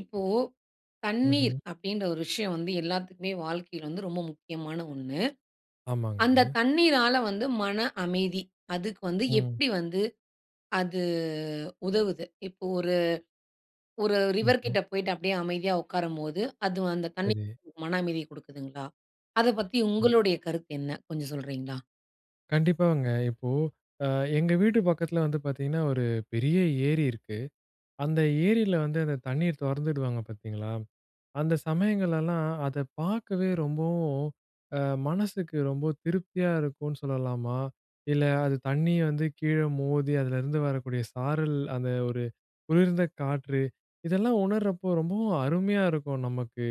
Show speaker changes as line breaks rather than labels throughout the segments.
இப்போ தண்ணீர்
ம்ஹ்ம்.
அப்பிடின்ற ஒரு விஷயம் வந்து எல்லாத்துக்குமே வாழ்க்கையில வந்து ரொம்ப முக்கியமான ஒண்ணு. அந்த
ஆமாங்கங்க.
தண்ணீரால வந்து மன அமைதி, அதுக்கு வந்து
ம்.
எப்பிடி வந்து அது உதவுது. இப்போ ஒரு ஒரு
ம்ஹ்ம்.
ரிவர்கிட்ட போயிட்டு அப்பிடியே அமைதியா உட்காரும்போது, அது அந்த
சரி.
தண்ணீர் மன அமைதி கொடுக்குதுங்களா? அத பத்தி
ம்.
உங்களுடைய கருத்து என்ன? கொஞ்சம் சொல்றீங்களா?
கண்டிப்பாங்க. இப்போ அ எங்க வீட்டு பக்கத்தில வந்து பார்த்தீங்கன்னா, ஒரு பெரிய ஏரி இருக்கு. அந்த ஏரில வந்து அந்த தண்ணீர் தொறந்து விடுவாங்க பார்த்தீங்களா, அந்த சமயங்களெல்லாம் அத பார்க்கவே ரொம்பவும், அ மனசுக்கு ரொம்ப திருப்தியா இருக்குன்னு சொல்லலாமா. இல்ல அது தண்ணிய வந்து கீழ மோதி அதிலருந்து வரக்கூடிய சாரல், அந்த ஒரு குளிர்ந்த காற்று. இதெல்லாம் உணர்றப்போ, ரொம்பவும் அருமையா இருக்கும் நமக்கு.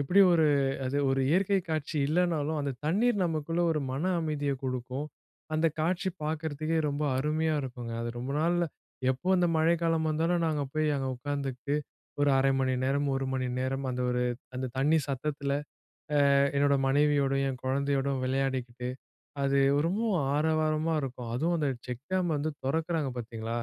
எப்பிடி ஒரு அது ஒரு இயற்கை காட்சி இல்லனாலும், அந்த தண்ணீர் நமக்குள்ள ஒரு மன அமைதிய கொடுக்கும். அந்தக் காட்சி பார்க்குறத்துக்கே ரொம்ப அருமையா இருக்குங்க. அது ரொம்ப நாள்ல எப்போ அந்த மழைக்காலம் வந்தாலும், நாங்க போய் அங்கே உட்காந்துகிட்டு ஒரு 1/2 மணி நேரம், 1 மணி நேரம் அந்த ஒரு அந்த தண்ணி சத்தத்தில அ என்னோட மனைவியோடையும், என் குழந்தையோடும் விளையாடிக்கிட்டு அது ரொம்பவும் ஆரவாரமா இருக்கும். அதுவும் அந்த செக் டேம் வந்து திறக்குறாங்க பார்த்தீங்களா!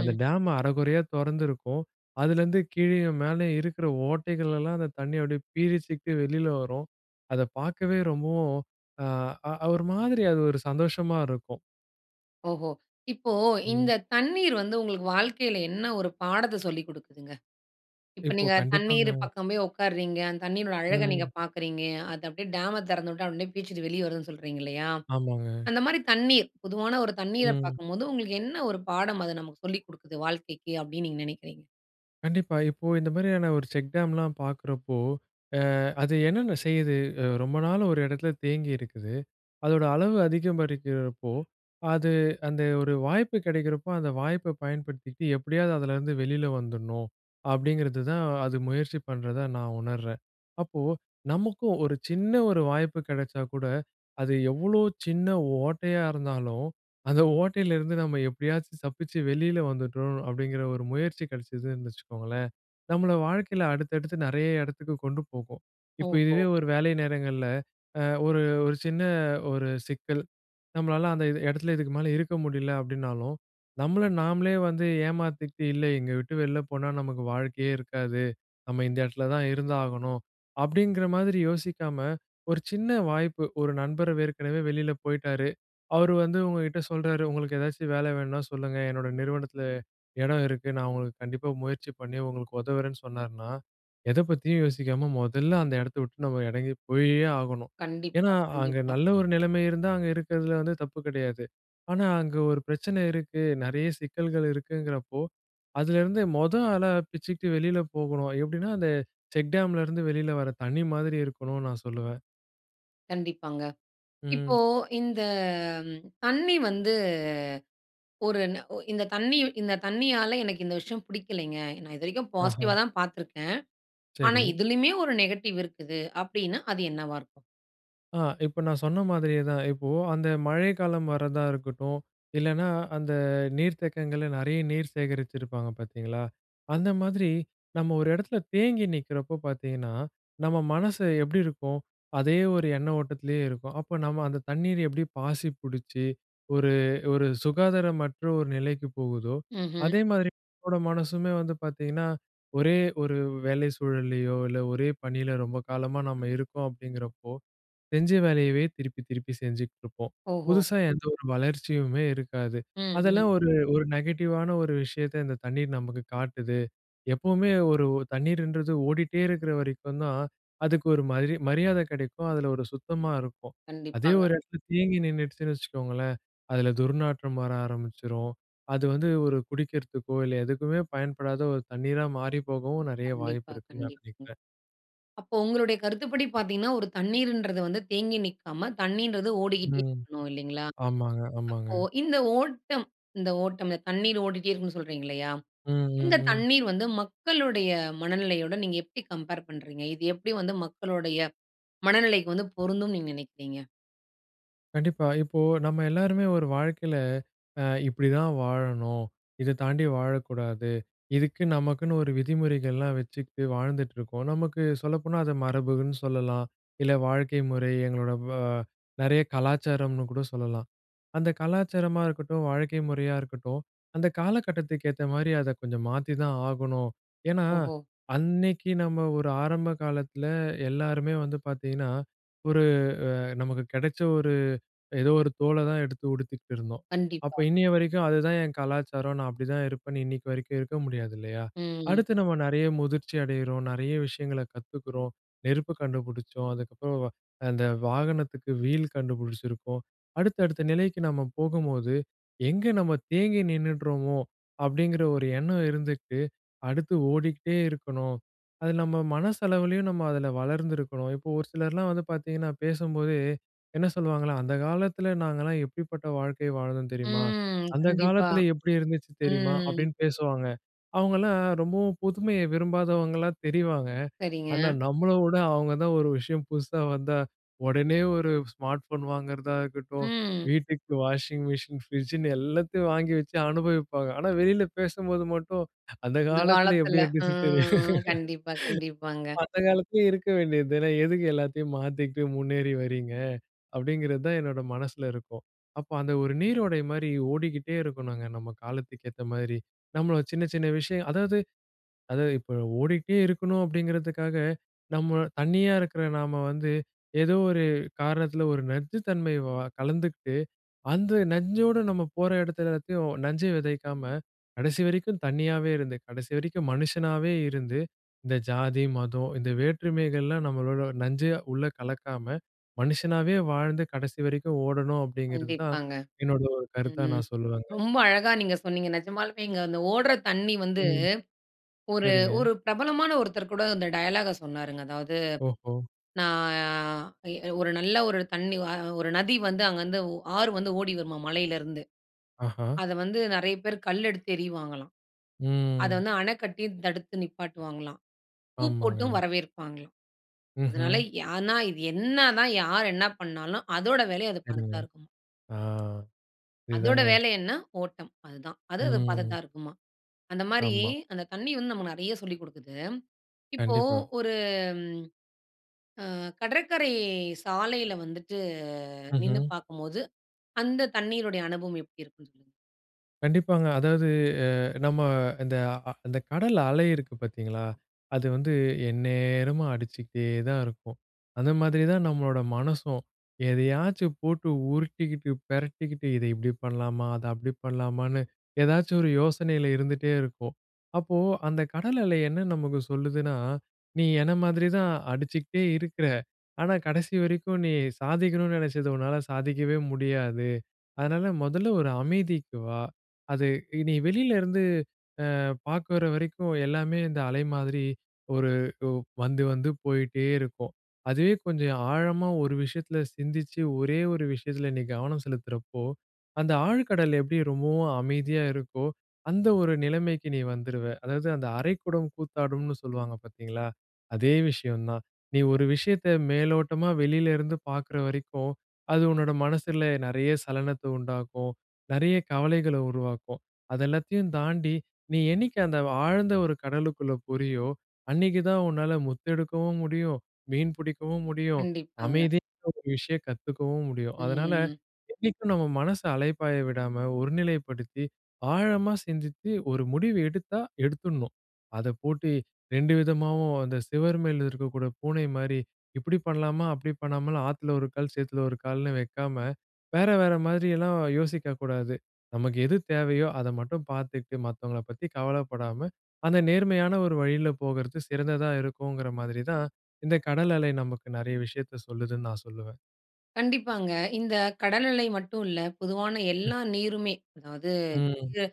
அந்த
ம்.
டேம் அரகுறையா தொறந்திருக்கும், அதுலேருந்து கீழேயும் மேலேயும் இருக்கிற ஓட்டைகளெல்லாம் அந்த தண்ணி அப்பிடியே பீரிட்டு வெளில வரும். அத பார்க்கவே ரொம்பவும் அ அ ஒரு மாதிரி அது ஒரு சந்தோஷமா இருக்கும்.
ஓஹோ! இப்போ
ம்.
இந்த தண்ணீர் வந்து உங்களுக்கு வாழ்க்கைல என்ன ஒரு பாடத்த சொல்லிக் குடுக்குதுங்க? இப்ப
இப்போ
நீங்க தண்ணீர்
கண்டிப்பாங்க.
பக்கம் போய் ஒட்காருறீங்க, அந்த தண்ணீரினோட அழக நீங்க
ம்.
பாக்குறீங்க, அது அப்டியே டேம திறந்துவிட்டா அப்டியே பீச்சுக்ட்டு வெளிய வருதுன்னு சொல்றீங்க இல்லயா?
ஆமாங்க.
அந்த மாரி தண்ணீர் பொதுவான ஒரு தண்ணீர
ம்.
பாக்கும்போது, உங்களுக்கு என்ன ஒரு பாடம் அது நமக்கு சொல்லிக் குடுக்குது வாழ்க்கைக்கி, அப்டின்னு நீங்க நினைக்கிறீங்க?
கண்டிப்பா, இப்போ இந்த மாரியான ஒரு செக்டாம்லாம் பாக்குறப்போ, அ அது என்னென்ன செய்யுது? அ ரொம்ப நாள் ஒரு எடத்துல தேங்கி இருக்குது. அதோட அளவு அதிகரிக்கிறப்போ அது அந்த ஒரு வாய்ப்பு கிடைக்கிறப்போ, அந்த வாய்ப்ப பயன்படுத்திட்டு எப்டியாது அதுலருந்து வெளில வந்துறணும் அப்டிங்கிறதுதான், அது முயற்சி பண்றதா நான் உணர்றேன். அப்போ நமக்கும் ஒரு சின்ன ஒரு வாய்ப்பு கிடைச்சா கூட, அது எவ்ளோ சின்ன ஓட்டையா இருந்தாலும், அந்த ஓட்டைலருந்து நம்ம எப்படியாச்சும் தப்பிச்சு வெளில வந்துட்டோம் அப்டிங்குற ஒரு முயற்சி கிடைச்சதுன்னு வச்சுக்கோங்களேன், நம்மள வாழ்க்கைல அடுத்தடுத்து நெறைய எடத்துக்கு கொண்டு போகும். இப்போ
ஓஹோ!
இதுவே ஒரு வேலை நேரங்கள்ல அ ஒரு ஒரு சின்ன ஒரு சிக்கல். நம்மளால அந்த எ எடத்துல இதுக்கு மேல இருக்க முடில அப்டின்னாலும், நம்மள நாம்லே வந்து ஏமாத்திக்ட்டு "இல்ல இங்க விட்டு வெளில போனா நமக்கு வாழ்க்கையே இருக்காது, நம்ம இந்த எடத்துல தான் இருந்தாகணும்." அப்டிங்கிற மாதிரி யோசிக்காம ஒரு சின்ன வாய்ப்பு, ஒரு நண்பர் ஏற்கனவே வெளில போயிட்டாரு, அவரு வந்து உங்ககிட்ட சொல்றாரு, "உங்களுக்கு ஏதாச்சும் வேல வேணும்னா சொல்லுங்க, என்னோட நிறுவனத்துல இடம் இருக்கு. நான் உங்களுக்கு கண்டிப்பா முயற்சி பண்ணி உங்களுக்கு உதவுறேன்னு சொன்னாருன்னா," எத பத்தியும் யோசிக்காம மொதல்ல அந்த எடத்த விட்டு நம்ம எறங்கி போயே ஆகணும்.
கண்டிப்பா,
ஏன்னா, அங்க
கண்டிப்பா.
நல்ல ஒரு நிலைமை இருந்தா, அங்க இருக்கறதுல வந்து தப்பு கிடையாது. ஆனா, அங்க ஒரு பிரச்சனை இருக்கு, நெறைய சிக்கல்கள் இருக்குங்கிறப்போ, அதுல இருந்து மொத ஆளா பிச்சுக்ட்டு வெளில போகணும். எப்டின்னா அந்த செக்டாம்ல இருந்து வெளில வரத் தண்ணி மாதிரி இருக்கணும்னு நான் சொல்லுவேன்.
கண்டிப்பாங்க.
ம்.
இப்போ, இந்த ம் தண்ணீ வந்து, ஒரு ந ஒ இந்த தண்ணீ இந்த தண்ணீயால, எனக்கு இந்த விஷயம் பிடிக்கலைங்க. நான் இது வரைக்கும்
ஆஹா.
பாசிட்டிவா தான் பார்த்திருக்கேன். ஆனா,
சரி.
இதிலயுமே ஒரு நெகட்டிவ் இருக்குது அப்பிடீன்னா, அது என்னவா இருக்கும்?
ஆ இப்ப நான் சொன்ன மாதிரியே தான். இப்போ அந்த மழைக்காலம் வரதா இருக்கட்டும். இல்லைனா, அந்த நீர்த்தேக்கங்கள்ல நிறைய நீர் சேகரிச்சிருப்பாங்க, பார்த்தீங்களா. அந்த மாதிரி, நம்ம ஒரு இடத்தில தேங்கி நிக்கிறப்போ பார்த்திங்கன்னா, நம்ம மனசு எப்டி இருக்கும்? அதே ஒரு எண்ண ஓட்டத்திலயே இருக்கும். அப்போ நம்ம அந்த தண்ணீரு எப்டி பாசி புடிச்சு, ஒரு, ஒரு சுகாதாரமற்ற ஒரு நிலைக்கு போகுதோ,
ம்ஹ்ம்.
அதே மாதிரி நம்மோட மனசுமே வந்து பார்த்தீங்கன்னா, ஒரே ஒரு வேலை சூழல்லயோ, இல்ல ஒரே பணில ரொம்ப காலமா நம்ம இருக்கோம் அப்பிடிங்கிறப்போ, செஞ்ச வேலையவே, திருப்பி திருப்பி செஞ்சுக்கிட்டுருப்போம்.
ஓஹோ!
புதுசா எந்த ஒரு வளர்ச்சியுமே இருக்காது.
ம்
அதெல்லாம்
ம்.
ஒரு, ஒரு நெகட்டிவான ஒரு விஷயத்த இந்த தண்ணீர் நமக்கு காட்டுது. எப்பவுமே ஒரு ஒ தண்ணீர்ன்றது ஓடிகிட்டே இருக்கிற வரைக்கும் தான், அதுக்கு ஒரு மாதிரி மரியாத கிடைக்கும். அதில ஒரு சுத்தமாக இருக்கும் அதே
கண்டிப்பாங்க.
ஒரு இடத்தில தேங்கி நின்னுடுச்சுன்னு வச்சுக்கோங்களேன். அதில துர்நாற்றம் வர ஆரம்பிச்சுரும். அது வந்து ஒரு குடிக்கிறதுக்கோ, இல்ல எதுக்குமே பயன்படாத ஒரு தண்ணீரா மாறி போகவும் நெறைய
கண்டிப்பா.
வாய்ப்பிருக்குன்னு நான்
கண்டிப்பாங்க.
நினைக்கிறேன்.
அப்போ உங்களுடைய கருத்துப்படி பார்த்தீங்கன்னா, ஒரு தண்ணீருன்றது வந்து தேங்கி நிக்காம, தண்ணீன்றது ஓடிக்கிட்டே
ம்.
இருக்கணும், இல்லைங்களா?
ஆமாங்க, ஆமாங்க.
அப்போ இந்த ஓட்டம் இந்த ஓட்டம்ல தண்ணீர் ஓடிட்டே இருக்கனும்னு சொல்றீங்க, இல்லையா.
ம் ம்
இந்த
ம்.
தண்ணீர் வந்து, மக்களுடைய மனநிலையோட, நீங்க எப்டி கம்பேர் பண்றீங்க? இது எப்டி வந்து மக்களுடைய மனநிலைக்கு வந்து பொருந்தும்னு நீங்க நினைக்கிறீங்க?
கண்டிப்பா. இப்போ, நம்ம எல்லாருமே ஒரு வாழ்க்கையில அ இப்பிடிதான் வாழணும், இத தாண்டி வாழக்கூடாது. இதுக்கு நமக்குன்னு ஒரு விதிமுறைகள்லாம் வச்சுக்கிட்டு வாழ்ந்துட்டு இருக்கோம். நமக்கு சொல்லப்போனா அத மரபுன்னு சொல்லலாம். இல்ல வாழ்க்கை முறை எங்களோட வ நறைய கலாச்சாரம்னுகூட சொல்லலாம். அந்த கலாச்சாரமா இருக்கட்டும், வாழ்க்கை முறையா இருக்கட்டும், அந்த காலகட்டத்துக்கு ஏத்தமாரி அத கொஞ்சம் மாத்தித்தான் ஆகணும். ஏன்னா,
ஓஹோ!
அன்னைக்கி நம்ம ஒரு ஆரம்ப காலத்தில எல்லாருமே வந்து பார்த்தீங்கன்னா, ஒரு அ நமக்கு கிடைச்ச ஒரு ஏதோ ஒரு தோல தான் எடுத்து உடுத்துக்கிட்டு இருந்தோம். அப்ப
கண்டிப்பா.
இன்னைய வரைக்கும் அதுதான் என் கலாச்சாரம், நான் அப்பிடி தான் இருப்பேன்னு இன்னக்கி வரைக்கும் இருக்க முடியாது இல்லயா?
ம்.
அடுத்து நம்ம நெறைய முதிர்ச்சி அடையிறோம். நெறைய விஷயங்கள கத்துக்கிறோம். நெருப்பு கண்டுபிடிச்சோம். அதுக்கப்பறம் அந்த வாகனத்துக்கு வீல் கண்டுபிடிச்சிருக்கோம். அடுத்த அடுத்த நிலைக்கு நம்ம போகும்போது, எங்க நம்ம தேங்கி நின்னுட்றோமோ! அப்டிங்கிற ஒரு எண்ணம் இருந்துட்டு, அடுத்து ஓடிகிட்டே இருக்கணும், அது நம்ம மனசளவுலயும் நம்ம அதில வளர்ந்திருக்கணும். இப்போ ஒரு சிலர்லாம் வந்து பார்த்தீங்கன்னா, பேசும்போதே என்ன சொல்லுவாங்கலாம், அந்த காலத்துல நாங்கலாம் எப்பிடிப்பட்ட வாழ்க்கைய வாழ்ந்தோம் தெரியுமா?
ம்.
அந்த
கண்டிப்பா.
காலத்துல எப்பிடி இருந்துச்சு தெரியுமா?
ம்.
அப்பிடின்னு பேசுவாங்க. அவுங்கலாம் ரொம்பவும் புதுமைய விரும்பாதவங்களா தெரிவாங்க.
சரிங்க.
ஆனா, நம்மள விட அவுங்க தான் ஒரு விஷயம் புதுசா வந்தா உடனே ஒரு ஸ்மார்ட் ஃபோன் வாங்குறதா இருக்கட்டும்,
ம்.
வீட்டுக்கு வாஷிங் மிஷின், ஃப்ரிட்ஜ்ஜின்னு எல்லாத்தையும் வாங்கி வச்சு அனுபவிப்பாங்க. ஆனா, வெளில பேசும்போது மட்டும் அந்த
இந்த
காலத்தில
காலத்தில.
எப்பிடி இருந்துச்சுன்னு தெரியுமா?
ம் கண்டிப்பா, கண்டிப்பாங்க.
அந்த காலத்திலே இருக்க வேண்டியது தானே! எதுக்கு எல்லாத்தையும் மாத்திக்கிட்டு முன்னேறி வர்றீங்க? அப்டிங்கிறதான் என்னோட மனசில இருக்கும். அப்போ அந்த ஒரு நீரோடை மாரி ஓடிக்கிட்டே இருக்கணுங்க. நம்ம காலத்துக்கு ஏத்த மாரி. நம்ம சின்ன, சின்ன விஷயம், அதாவது அதாவது இப்ப ஓடிகிட்டே இருக்கணும் அப்பிடிங்கிறதுக்காக நம்ம தனியா இருக்கிற நாம வந்து ஏதோ ஒரு காரணத்தில ஒரு நச்சுத் தன்மை கலந்துக்கிட்டு, அந்த நஞ்சோட நம்ம போற இடத்துல எல்லாத்தையும் நஞ்சு விதைக்காம, கடைசி வரைக்கும் தனியாவே இருந்து, கடைசி வரைக்கும் மனுஷனாவே இருந்து, இந்த ஜாதி, மதம் இந்த வேற்றுமைகள்லாம் நம்மளோட நஞ்சா உள்ள கலக்காம, மனுஷனாவே வாழ்ந்து கடைசி வரைக்கும் ஓடணும் அப்பிடிங்கிறது தான்
கண்டிப்பாங்க.
என்னோட ஒரு கருத்தா
ம்.
நான் சொல்லுவங்க.
ரொம்ப அழகா நீங்க சொன்னீங்க. நிஜமாலுமேங்க, இந்த ஓட்ற தண்ணி வந்து,
ம்.
ஒரு
சரிங்க.
ஒரு பிரபலமான ஒருத்தர்கூட இந்த டயலாக்க சொன்னாருங்க. அதாவது,
ஓஹோ!
நான் அ ஒரு நல்ல ஒரு தண்ணி அ ஒரு நதி வந்து அங்கேருந்து ஆறு வந்து ஓடி வருமா, மலையிலிருந்து.
ஆஹா!
அத வந்து நெறைய பேரு கல் எடுத்து எறியுவாங்கலாம். அத
ம்.
வந்து அணை கட்டி தடுத்து நிப்பாட்டுவாங்களாம். பூ போட்டும்
ஆமாங்க.
வரவேற்பாங்களாம். அதனால
ம்ஹ்ம்.
ஆனா இது என்ன தான் யார் என்ன பண்ணாலும், அதோட வேலைய அது
சரிங்க.
பார்த்துதான் இருக்கும்.
ஆ,
அதோட
இதுதாங்க.
வேலை என்ன? ஓட்டம். அதுதான். அது அத பார்த்துட்டு
ம்.
தான் இருக்குமாம். அந்தமாரி
ஆமா.
அந்த தண்ணீ வந்து நமக்கு நெறைய சொல்லிக் குடுக்குது. இப்போ
கண்டிப்பா.
ஒரு அ கடற்கரை சாலையில வந்துட்டு நின்னு
ம்ஹ்ம்.
பார்க்கும்போது, அந்த தண்ணீருடைய அனுபவம் எப்டி இருக்கும்ன்னு சொல்லுங்க.
கண்டிப்பாங்க. அதாவது அ நம்ம இந்த அ அந்த கடல் அலை இருக்கு பாத்தீங்களா, அது வந்து எந்நேரமும் அடிச்சுக்கிட்டே தான் இருக்கும். அந்த மாதிரி தான் நம்மளோட மனசும், எதையாச்சும் போட்டு உருட்டிக்கிட்டு, பெரட்டிக்கிட்டு இத இப்டி பண்ணலாமா, அத அப்டி பண்ணலாமான்னு ஏதாச்சும் ஒரு யோசனையில இருந்துட்டே இருக்கும். அப்போ அந்த கடல் அலை என்ன நமக்கு சொல்லுதுன்னா, நீ என்ன மாதிரி தான் அடிச்சுக்கிட்டே இருக்குற. ஆனா கடைசி வரைக்கும், நீ சாதிக்கணும்ன்னு நினைச்சது உன்னால சாதிக்கவே முடியாது. அதனால, முதல்ல ஒரு அமைதிக்கு வா. அது நீ வெளிலருந்து அ பாக்குற வரைக்கும், எல்லாமே இந்த அலை மாதிரி ஒரு ஒ வந்து, வந்து போய்ட்டே இருக்கும். அதுவே கொஞ்சம் ஆழமா ஒரு விஷயத்துல சிந்திச்சு, ஒரே ஒரு விஷயத்துல நீ கவனம் செலுத்துறப்போ, அந்த ஆழ்கடல் எப்படி ரொம்பவும் அமைதியா இருக்கோ, அந்த ஒரு நிலைமைக்கு நீ வந்துருவ. அதாவது அந்த "அரை குடம் கூத்தாடும்ன்னு" சொல்லுவாங்க பாத்தீங்களா? அதே விஷயம் தான். நீ ஒரு விஷயத்த மேலோட்டமா வெளிலருந்து பாக்குற வரைக்கும் அது உன்னோட மனசில நெறைய சலனத்த உண்டாக்கும், நெறையா கவலைகள உருவாக்கும். அத எல்லாத்தையும் தாண்டி நீ என்னைக்கு அந்த ஆழ்ந்த ஒரு கடலுக்குள்ள போறியோ, அன்னைக்கு தான் உன்னால முத்து எடுக்கவும் முடியும், மீன் புடிக்கவும் முடியும்,
கண்டிப்பாங்க.
அமைதின்ற ஒரு விஷயம் கத்துக்கவும் முடியும். அதனால
ம்.
என்னைக்கும் நம்ம மனச அலைபாய விடாம ஒரு நிலைப்படுத்தி, ஆழமா சிந்தித்து ஒரு முடிவு எடுத்தா எடுத்துணும். அத போட்டு 2 விதமாவும் அந்த சுவரு மேல இருக்கக்கூடிய பூனை மாரி இப்டி பண்ணலாமா, அப்டி பண்ணாமல், ஆத்துல ஒரு கால் சேத்துல ஒரு கால்னு வைக்காம, வேற வேற மாரிலாம் யோசிக்கக்கூடாது. நமக்கு எது தேவையோ, அத மட்டும் பாத்துக்கிட்டு மத்தவங்கள பத்தி கவலைப்படாம, அந்த நேர்மையான ஒரு வழியில போகறது சிறந்ததா இருக்கும்ங்கிற மாதிரி தான் இந்த கடல் அலை நமக்கு நெறைய விஷயத்த சொல்லுதுன்னு நான் சொல்லுவேன்.
கண்டிப்பாங்க. இந்த கடல்நிலை மட்டும் இல்ல, பொதுவான
ம்.
எல்லா நீருமே, அதாவது
ம்.
வு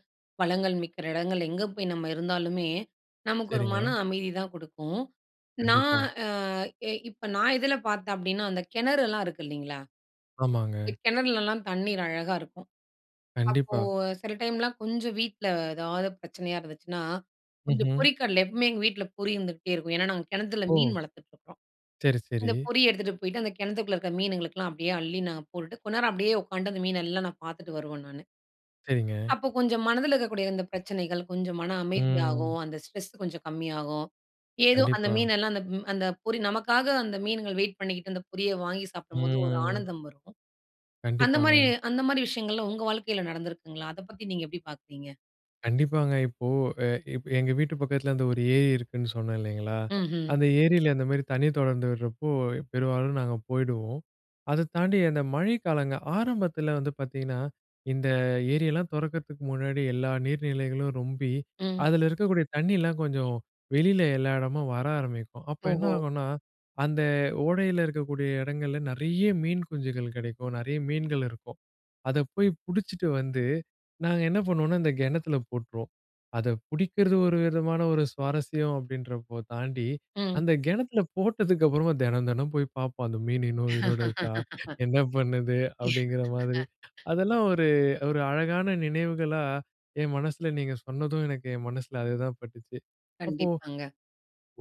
வளங்கள் மிக்கிற இடங்கள் எங்கே போய் நம்ப இருந்தாலுமே, நமக்கு ஒரு
சரிங்க.
மன அமைதி தான் குடுக்கும். நான்
கண்டிப்பா.
அ இப்ப நான் இதுல பார்த்தேன் அப்படின்னா, அந்த கிணறு எல்லாம் இருக்குது இல்லங்களா? இந்த
ஆமாங்க.
கிணறுலலாம் தண்ணீர் அழகா இருக்கும். அப்போ
கண்டிப்பா.
சில டைம்லாம் கொஞ்சம் வீட்ல எதாவது பிரச்சனையா இருந்துச்சுன்னா, கொஞ்சம்
ம்ஹ்ம்.
பொரிக்கடல, எப்பவுமே எங்க வீட்ல பொரி இருந்துகிட்டே இருக்கும். ஏன்னா, நாங்க கிணத்துல
ஓ!
மீன் வளர்த்துட்டு இருக்குறோம்.
சரி,
இந்த
சரி.
பொறி எடுத்துகிட்டு போய்ட்டு, அந்த கிணத்துக்குள்ள இருக்குற மீனுங்களுக்கெல்லாம் அப்படியே, அள்ளி நாங்க போட்டுட்டு கொஞ்ச நேரம் அப்படியே உட்காந்து, அந்த மீனெல்லாம் நான் பாத்துட்டு வருவேன் நானு.
சரிங்க.
அப்போ கொஞ்சம் மனதுல இருக்கக்கூடிய இந்த பிரச்சனைகள் கொஞ்சம் மன
ம்.
அமைதியாகும். அந்த ஸ்ட்ரெஸ் கொஞ்சம் கம்மியாகும். ஏதோ அந்த
கண்டிப்பா.
மீனெல்லாம் அந்த அந்த பொரி நமக்காக அந்த மீன்கள் வெயிட் பண்ணிக்கிட்டு, அந்த பொரிய வாங்கி சாப்பிடும்போது, ஒரு
ம்.
ஆனந்தம் வரும். அந்த மாதிரி
கண்டிப்பாங்க.
அந்த மாதிரி விஷயங்கள் எல்லாம் உங்க வாழ்க்கையில நடந்துருக்குங்களா? அத பத்தி நீங்க எப்படி பார்க்கிறீங்க?
கண்டிப்பாங்க. இப்போ எ எங்க வீட்டு பக்கத்துல அந்த ஒரு ஏரி இருக்குன்னு சொன்னேன் இல்லங்களா,
ம்ஹ்ம்.
அந்த ஏரியில அந்த மாரி தண்ணீர் தொடர்ந்து விடுறப்போ, பெரும்பாலும் நாங்க போயிடுவோம். அத தாண்டி அந்த மழை காலங்கள் ஆரம்பத்துல வந்து பாத்தீங்கன்னா, இந்த ஏரியெல்லாம் துறக்கத்துக்கு முன்னாடி எல்லா நீர்நிலைகளும் ரொம்பி
ம்.
அதுல இருக்கக்கூடிய தண்ணீயலாம் கொஞ்சம் வெளியில எல்லா இடமும் வர ஆரம்பிக்கும். அப்போ என்ன
ஓஹோ!
ஆகும்னா, அந்த ஓடையில இருக்கக்கூடிய இடங்கள்ல நிறைய மீன் குஞ்சுகள் கிடைக்கும், நிறைய மீன்கள் இருக்கும். அத போய் பிடிச்சுட்டு வந்து, நாங்க என்ன பண்ணுவோம்னா, இந்த கிணத்துல போட்டுருவோம். அத பிடிக்குறது, ஒரு விதமான ஒரு சுவாரஸ்யம். அப்படின்றப்போ, தாண்டி
ம்.
அந்த கிணத்துல போட்டதுக்கப்புறமா தினம், தினம் போய் பார்ப்போம். "அந்த மீன் இன்னும் உயிரோட இருக்கா? என்ன பண்ணுது?" அப்படிங்கிற மாரி, அதெல்லாம் ஒரு, ஒரு அழகான நினைவுகளா என் மனசுல நீங்க சொன்னதும், எனக்கு என் மனசுல அது தான் பட்டுச்சு. அப்போ
கண்டிப்பாங்க.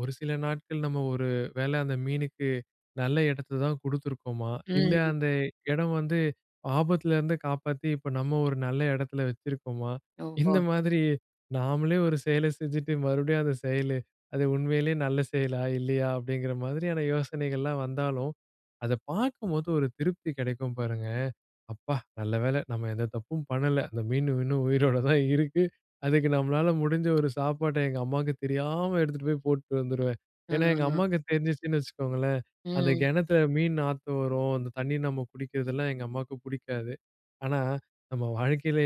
ஒரு சில நாட்கள், "நம்ப ஒரு வேளை அந்த மீனுக்கு நல்ல இடத்த தான் குடுத்துருக்கோமா? இல்ல
ம்.
அந்த இடம் வந்து ஆபத்துல இருந்து காப்பாத்தி, இப்போ நம்ப ஒரு நல்ல இடத்துல வச்சிருக்கோமா?" இந்த
ஓஹோ!
மாதிரி நாம்பளே ஒரு செயலை செஞ்சுட்டு, மறுபடியும் அந்த செயல் அது உண்மையிலே நல்ல செயலா? இல்லயா? அப்படிங்குற மாதிரியான யோசனைகள்லாம் வந்தாலும், அத பாக்கும்போது ஒரு திருப்தி கிடைக்கும் பாருங்க, "அப்பா நல்ல வேலை நம்ப எந்த தப்பும் பண்ணல. அந்த மீன் மீன் உயிரோடு தான் இருக்கு.' அதுக்கு நம்பளால முடிஞ்ச ஒரு சாப்பாட்ட, எங்க அம்மாவுக்கு தெரியாம எடுத்துகிட்டு போய் போட்டுட்டு வந்துருவேன்." ஏன்னா, எங்க
ம்.
அம்மாவுக்கு தெரிஞ்சிச்சுன்னு வச்சுக்கோங்களேன், அந்த
ம்.
கிணத்துல மீன் நாத்தம் வரும், அந்த தண்ணீ நம்ப குடிக்குறதெல்லாம் எங்க அம்மாவுக்கு பிடிக்காது. ஆனா, நம்ப வாழ்க்கையில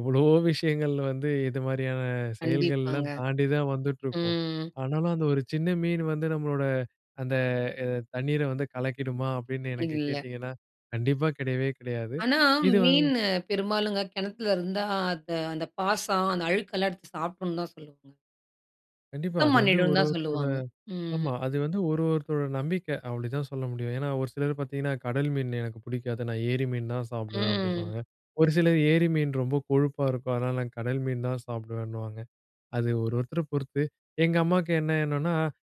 எவ்வளவோ விஷயங்கள் வந்து இது மாதிரியான
கண்டிப்பாங்க.
செயல்கள்லாம் தாண்டி தான் வந்துட்ருக்கும்.
ம்.
ஆனாலும், அந்த ஒரு சின்ன மீன் வந்து நம்பளோட அந்த அ தண்ணீர வந்து கலக்கிடுமா, அப்படின்னு எனக்கு
இல்ல.
கேட்டிங்கன்னா? கண்டிப்பா கிடையவே, கிடையாது
ஆனா,
இது வ
மீன் பெரும்பாலுங்க கிணத்துல இருந்தா, அது அந்த பாசன், அந்த அழுக்கு எல்லாம் எடுத்து சாப்பிடணும்னு தான் சொல்லுவாங்க.
கண்டிப்பா,
சுத்தம்
அது வந்து,
பண்ணிடுன்னு
ஒரு
தான்
ஒருத்தரோட
சொல்லுவாங்க. ம்.
ஆமா. அது வந்து, ஒரு ஒருத்தரோட நம்பிக்க. அப்படிதான் சொல்ல முடியும். ஏன்னா, ஒரு சிலர பார்த்தீங்கன்னா, "கடல் மீன் எனக்கு புடிக்காது. நான் ஏரி மீன் தான் சாப்பிடுவேன்."
ம்.
அப்டின்னுவாங்க. ஒரு சிலர், "ஏரி மீன் ரொம்ப கொழுப்பா இருக்கும். அதனால நான் கடல் மீன் தான் சாப்டுவேனுவாங்க. அது ஒரு ஒருத்தர பொறுத்து, எங்க அம்மாக்கு என்ன எண்ணம்னா,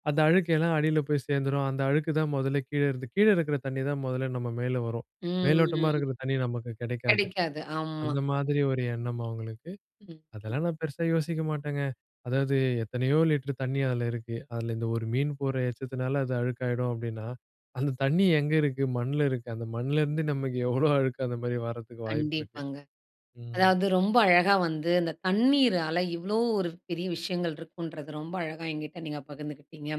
அந்த அழுக்கு எல்லாம் அடில போய் சேர்ந்துரும். அந்த அழுக்கு தான், மொதல்ல கீழே இருந்து கீழே இருக்கிற தண்ணி தான், மொதல்ல நம்ம மேல வரும். மேலோட்டமா
ம்.
இருக்கிற தண்ணி நமக்கு கெடைக்காது.
கெடைக்காது. ஆமா.
அந்த மாதிரி ஒரு எண்ணம் அவுங்களுக்கு.
ம், ம்.
அதெல்லாம் நான் பெருசா யோசிக்க மாட்டேங்க. அதாவது, எத்தனையோ லிட்டர் தண்ணி, அதில இருக்கு. அதில இந்த ஒரு மீன் போட்ற எச்சத்தினால, அது அழுக்காயிடும் அப்டின்னா, அந்த தண்ணி எங்க இருக்கு, மண்ல இருக்கு. அந்த மண்லருந்து, நமக்கு எவ்ளோ அழுக்கு, அந்த மாதிரி வர்றதுக்கு வாய்ப்பு இருக்கு.
கண்டிப்பாங்க.
ம்.
அதாவது ரொம்ப அழகா வந்து, இந்த தண்ணீரால, இவ்ளோ ஒரு பெரிய விஷயங்கள் இருக்குன்றது, ரொம்ப அழகா என்கிட்டே நீங்க பகிர்ந்துக்கிட்டீங்க.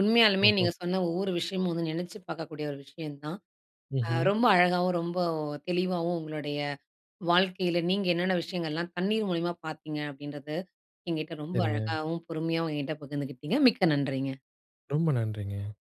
உண்மையாலுமே
ஓஹோ.
நீங்க சொன்ன ஒவ்வொரு விஷயமும் வந்து, நெனைச்சு பாக்கக்கூடிய ஒரு விஷயம் தான். அ
ம்ஹ்ம்.
ரொம்ப அழகாகவும், ரொம்ப தெளிவாவும், உங்களுடைய வாழ்க்கையில, நீங்க என்னன்ன விஷயங்கள்லாம், தண்ணீர் மூலியமா பார்த்தீங்க. அப்படின்றது, எங்கிட்ட ரொம்ப
சரிங்க.
அழகாவும், பொறுமையாவும், எங்கிட்ட பகிர்ந்துகிட்டிங்க. மிக்க நன்றிங்க.
ரொம்ப நன்றிங்க.